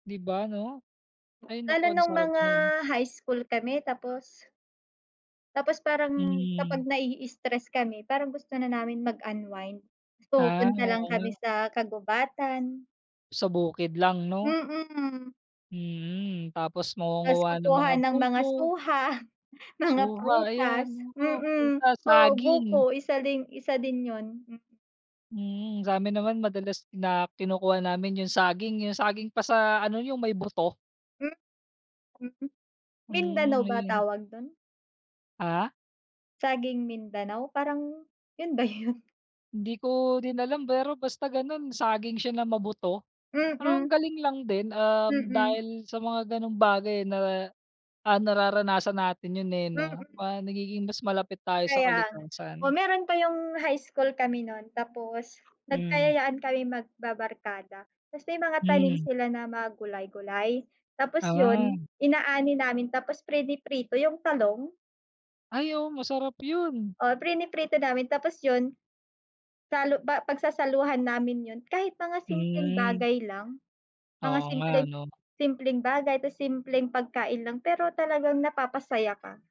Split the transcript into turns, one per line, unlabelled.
Di ba ano, ay naku,
Lalo
ang
nung
sarap
mga
nun.
high school kami tapos. Tapos parang
Hmm.
kapag na-i-stress kami, parang gusto na namin mag-unwind
Ah,
pumupunta lang
oo
kami
nga.
sa kagubatan.
Sa bukid lang no.
Mm.
Hmm, tapos
Tas
mangunguwa ng
kukuha
mga
ng mga
buko.
suha, mga
Suha
prutas,
ayan, oo,
hmm,
prutas
oo,
saging.
buko isa din isa din yun.
Hmm, sa'min naman madalas na kinukuha namin yung saging yung saging pa sa ano yung may buto.
Mm, hmm, Mindanao
Hmm,
ba
ayun.
tawag dun?
Ah?
Saging Mindanao parang yun ba yun?
Hindi ko din alam pero basta ganun saging siya na mabuto, parang
Mm.
galing lang din, um,
Mm.
dahil sa mga ganong bagay na, ah, nararanasan natin yun eh, 'no,
Mm.
ah, nagiging mas malapit tayo sa
Kaya,
kalikasan.
oh, meron pa yung high school kami nun tapos
Mm.
nagkayayaan kaming magbabarkada tas may mga tanim
Hmm.
sila na mga gulay gulay tapos
Ah.
yun inaani namin tapos prini-prito yung talong.
Ay oo masarap yun.
O prino-prito namin tapos yun salu ba pagsasaluhan namin yun kahit mga simpleng
Hmm.
bagay lang, mga
Oo nga
simpleng
ano.
simpleng bagay tas simpleng pagkain lang pero talagang napapasaya ka.